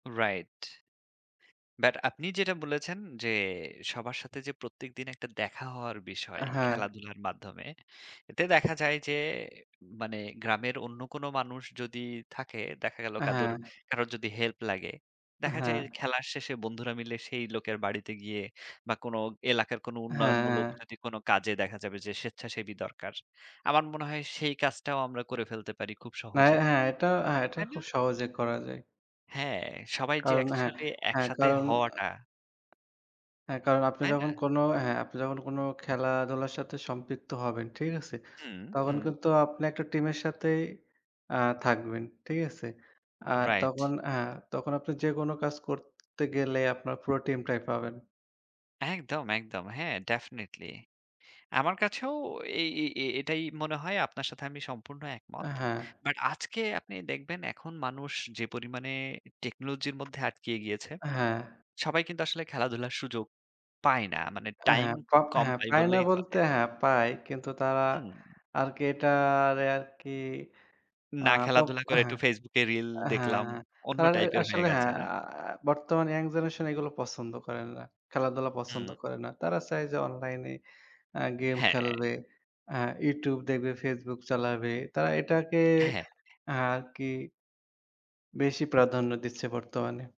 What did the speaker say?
Right, but আপনি যেটা বলেছেন, যে সবার সাথে যে প্রত্যেকদিন একটা দেখা হওয়ার বিষয়, এ হ্যাঁ। খেলাধুলার মাধ্যমে। এতে দেখা যায় যে, মানে গ্রামের অন্য কোন মানুষ যদি থাকে, দেখা গেল কাদর হ্যাঁ। কারোর যদি হেল্প লাগে, দেখা যায় হ্যাঁ। খেলার শেষে বন্ধুরা মিলে সেই লোকের বাড়িতে গিয়ে, বা কোন এলাকার কোনো হ্যাঁ, উন্নয়নমূলক হ্যাঁ। যদি কোনো কাজে, দেখা যাবে যে স্বেচ্ছাসেবী দরকার, আমার মনে হয় সেই কাজটাও আমরা করে ফেলতে পারি খুব মে সহজে, হ্যাঁ, এটাও হ্যাঁ, এটা তাই না? খুব সহজে করা যায়। হ্যাঁ, সবাই যে কারণ, হ্যাঁ, অ্যাকচুয়ালি হ্যাঁ, একসাথে কারণ আ হওয়াটা হ্যাঁ, কারণ আপনি তাই না? যখন কোন হ্যাঁ, আপনি যখন কোন খেলাধুলার সাথে সম্পৃক্ত হবেন, ঠিক আছে? হুম, তখন হুম। কিন্তু আপনি একটা টিমের সাথেই আ থাকবেন। ঠিক আছে? আর রাইট। তখন হ্যাঁ, তখন আপনি যেকোনো কাজ করতে গেলে আপনার পুরো টিমটাই পাবেন। একদম, একদম। হ্যাঁ, ডেফিনিটলি আমার কাছেও এ এই এই এটাই মনে হয়, আপনার সাথে আমি সম্পূর্ণ এ একমত। হ্যাঁ। বাট আজকে আপনি দেখবেন এখন মানুষ যে পরিমাণে টেকনোলজির মধ্যে আটকিয়ে গিয়েছে, হ্যাঁ। সবাই কিন্তু আসলে খেলাধুলার সুযোগ পায় না, মানে এ টাইম হ্যাঁ, প খুব আ কম হ্যাঁ, পাই পায় না বললেই চলে। বলতে হ্যাঁ, পায় কিন্তু তারা হুম। আরকি এটারে আরকি আ না, প খেলাধুলা এ করে একটু হ্যাঁ, Facebook এ রিল এ দেখলাম, হ্যাঁ, অন্য তার টাইপের হয়ে আসলে গেছে হ্যাঁ, না? আ বর্তমান ইয়াং জেনারেশন এগুলো পছন্দ করে না, খেলাধুলা হুম। পছন্দ করে না। তারা চায় যে অনলাইনে আ গেম হ্যাঁ। খেলবে, আ YouTube দেখবে, Facebook চালাবে তারা এটাকে হ্যাঁ। আরকি বেশি প্রাধান্য দিচ্ছে বর্তমানে।